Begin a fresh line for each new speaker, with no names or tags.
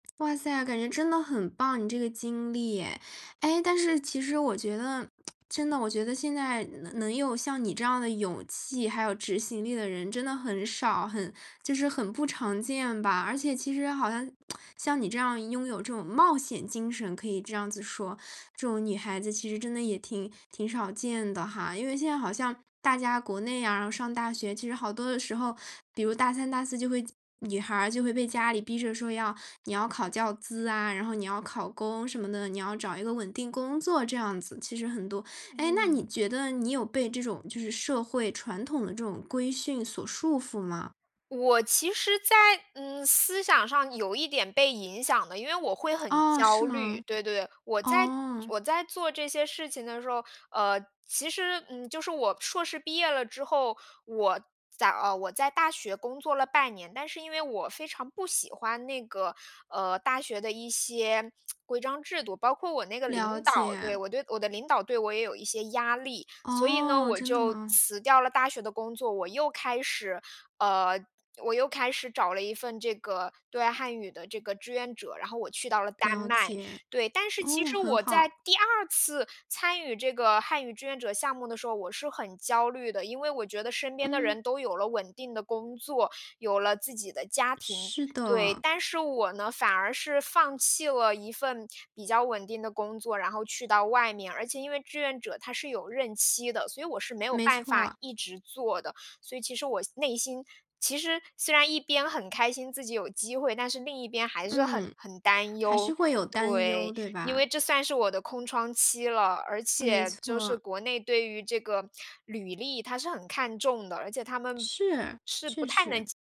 哇塞！感觉真的很棒，你这个经历哎。哎，但是其实我觉得，真的我觉得现在能能有像你这样的勇气，还有执行力的人真的很少，很就是很不常见吧，而且其实好像 像你这样拥有这种冒险精神，可以这样子说，这种女孩子其实真的也挺挺少见的哈。因为现在好像大家国内呀，上大学其实好多的时候，比如大三、大四就会女孩儿就会被家里逼着说要你要考教资啊，然后你要考公什么的，你要找一个稳定工作这样子，其实很多。哎，那
嗯。
你觉得你有被这种就是社会传统的这种规训所束缚吗？
我其实在，嗯，思想上有一点被影响的，因为我会很
哦，是
焦虑。
吗？
对对，我在
哦。
我在做这些事情的时候，呃，其实，嗯，就是我硕士毕业了之后，我在呃，我在大学工作了半年，但是因为我非常不喜欢那个，呃，大学的一些 规章制度，包括我那个领
了
导，对，
解。
我对我的领导对我也有一些压力。所以呢，
哦，
我
真的
就
吗？
辞掉了大学的工作，我又开始呃，我又开始找了一份这个对外汉语的这个志愿者，然后我去到了丹
了
麦，
解，
对。但是其
哦，
实
很
我在
好。
第2次参与这个汉语志愿者项目的时候，我是很焦虑的。因为我觉得身边的
嗯。
人都有了稳定的工作，有了自己的家庭，
是
对。
的。
但是我呢，反而是放弃了一份比较稳定的工作，然后去到外面，而且因为志愿者它是有任期的，所以我是没有
没
办法
错。
一直做的。所以其实我内心其实虽然一边很开心自己有机会，但是另一边还是很
嗯，
很担
还是
忧。
会有担忧，
对，
对
因
吧？
为这算是我的空窗期了，而
没
且就是
错。
国内对于这个履历，它是很看重的，而且它们是不
是，确
太能
实。
接